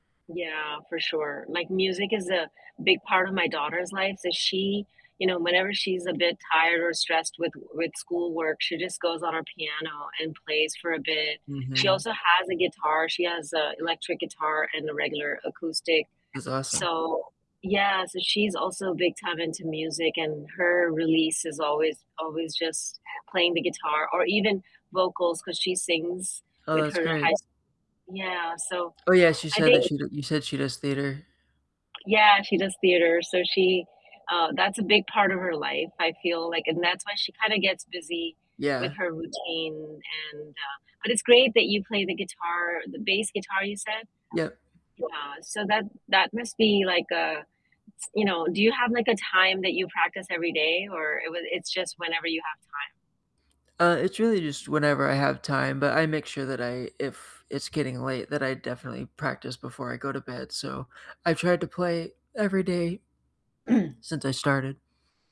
Yeah, for sure. Like, music is a big part of my daughter's life, so she you know, whenever she's a bit tired or stressed with with schoolwork, she just goes on her piano and plays for a bit. She Mhm. also has a guitar. She has a electric guitar and a regular acoustic. That's awesome. So Yeah, so she's also big time into music, and her release is always always just playing the guitar or even vocals 'cause she sings Oh, with that's her great. high s Yeah, so Oh, yes. You I said that think she d you said she does theater. Yeah, she does theater, so she uh, that's a big part of her life, I feel like and that's why she kinda gets busy with Yeah. her routine, and, uh but it's great that you play the guitar, the bass guitar, you said? Yep. Yeah, so that that must be, like, uh s you know do you have, like, a time that you practice every day, or it would it's just whenever you have time? Uh, it's really just whenever I have time, but I make sure that I if it's getting late, that I definitely practice before I go to bed. So I've tried to play every day since I started.